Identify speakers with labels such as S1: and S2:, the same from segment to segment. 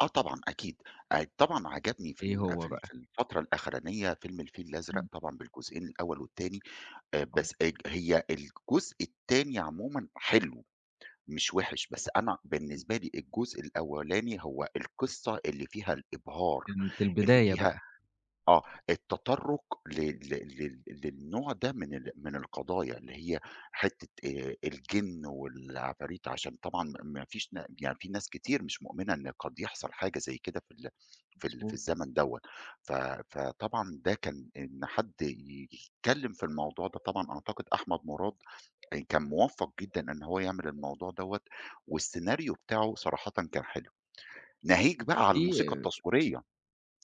S1: آه، طبعًا أكيد آآ، طبعًا عجبني في
S2: إيه
S1: الأ في
S2: هو
S1: ال في
S2: بقى؟
S1: الفترة الأخرانية فيلم الفيل الأزرق،
S2: إمم.
S1: طبعًا بالجزئين الأول والتاني، آآ،
S2: آه.
S1: بس الج هي الجزء التاني عمومًا حلو مش وِحِش، بس أنا بالنسبة لي الجزء الأولاني هو القصّة اللي فيها الإبهار،
S2: كانت
S1: اللي
S2: البداية
S1: فيها
S2: بقى.
S1: آه التطرُّق ل ل لل للنوع ده من ال من القضايا اللي هي حتة آآ، الجِن والعفاريت عشان طبعًا ما ما فيش نا يعني في ناس كتير مش مؤمنة إن قد يحصل حاجة زي كده في ال في ال في
S2: مضبوط.
S1: الزمن دَوَّة، ف فطبعًا ده كان إن حد يتكلم في الموضوع ده طبعًا أعتقد أحمد مراد آآ، كان موفَّق جدًا إن هو يعمل الموضوع دَوَّة والسيناريو بتاعُه صراحةً كان حلو، ناهيك بقى على الموسيقى
S2: في
S1: التصويرية،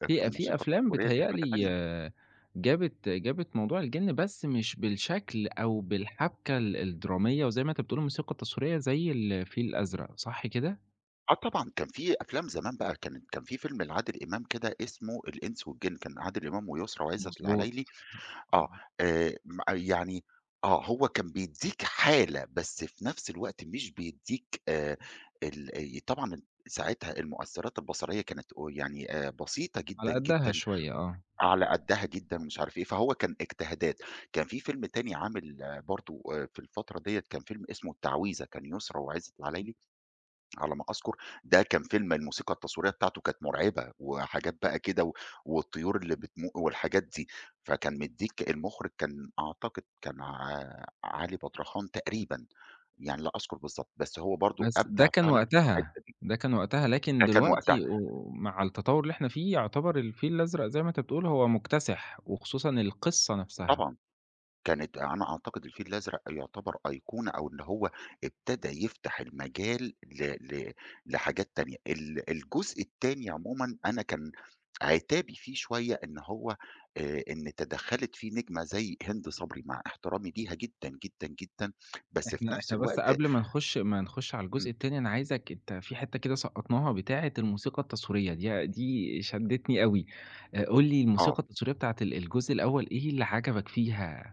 S1: الت
S2: في أ في
S1: الموسيقى
S2: أفلام
S1: التصويرية دي
S2: بيتهيأ
S1: حاجة
S2: لي
S1: تانية.
S2: جابِت جابِت موضوع الجِن، بس مش بالشكل أو بالحَبْكَة ال الدرامية، وزي ما أنت بتقول الموسيقى التصويرية زي الفيل الأزرق، صح كده؟
S1: آه طبعًا، كان في أفلام زمان بقى كانت كان في فيلم لعادل إمام كده اسمه الإنس والجِن، كان عادل إمام ويسرا وعزت
S2: مضبوط.
S1: العلايلي، آه
S2: [unintelligible]
S1: آآ، مأ يعني آه، هو كان بيدّيك حالة بس في نَفْس الوقت مش بيدّيك آآ، ال ي طبعًا ال ساعِتها المؤثّرات البصرية كانت قُ يعني آآ، بسيطة
S2: على
S1: جدًا،
S2: قدّها
S1: جدًا
S2: شوية، آه.
S1: على قدّها جدًا ومش عارف إيه، فهو كان إجتهادات، كان في فيلم تاني عامل برضه آآ، في الفترة دِيَّة كان فيلم اسمه التعويذة، كان يسرا وعزت العلايلي على ما أذكُر، ده كان فيلم الموسيقى التصويرية بتاعتُه كانت مرعبة، وحاجات بقى كده و والطيور اللي بتمو والحاجات دي، فكان مدّيك المُخرِج كان أعتقد كان ع علي بدرخان تقريبًا، يعني لا أذكُر بالضبط، بس هو برضه
S2: بس ده
S1: أبدع
S2: كان
S1: فعلًا في
S2: وقتها،
S1: الحتة دي.
S2: ده كان وقتها، لكن
S1: ده كان وقتها.
S2: دلوقتي و مع التطوّر اللي إحنا في يُعتبر الفيل الأزرق زي ما أنت بتقول هو مكتسِح، وخصوصًا القصّة نَفْسها.
S1: طبعًا، كانت أنا أعتقد الفيل الأزرق يُعتبر أيقونة، أو اللي هو ابتدى يفتح المجال ل ل لحاجات تانية، ال الجزء التاني عمومًا، أنا كان عتابي فيه شوية إن هو آآ، إن تدخّلت فيه نجمة زي هند صبري مع احترامي ليها جدًا، جدًا، جدًا بس في
S2: إحنا
S1: نَفْس
S2: إحنا بس
S1: الوقت
S2: قبل ما نخُش ما نخُش على الجزء
S1: إمم.
S2: التاني، أنا عايزك أنت في حتة كده سقّطناها بتاعة الموسيقى التصويرية، دي دي شدّتني أوي آآ، قُل لي
S1: آه.
S2: الموسيقى التصويرية بتاعة ال الجزء الأول إيه اللي عَجَبك فيها؟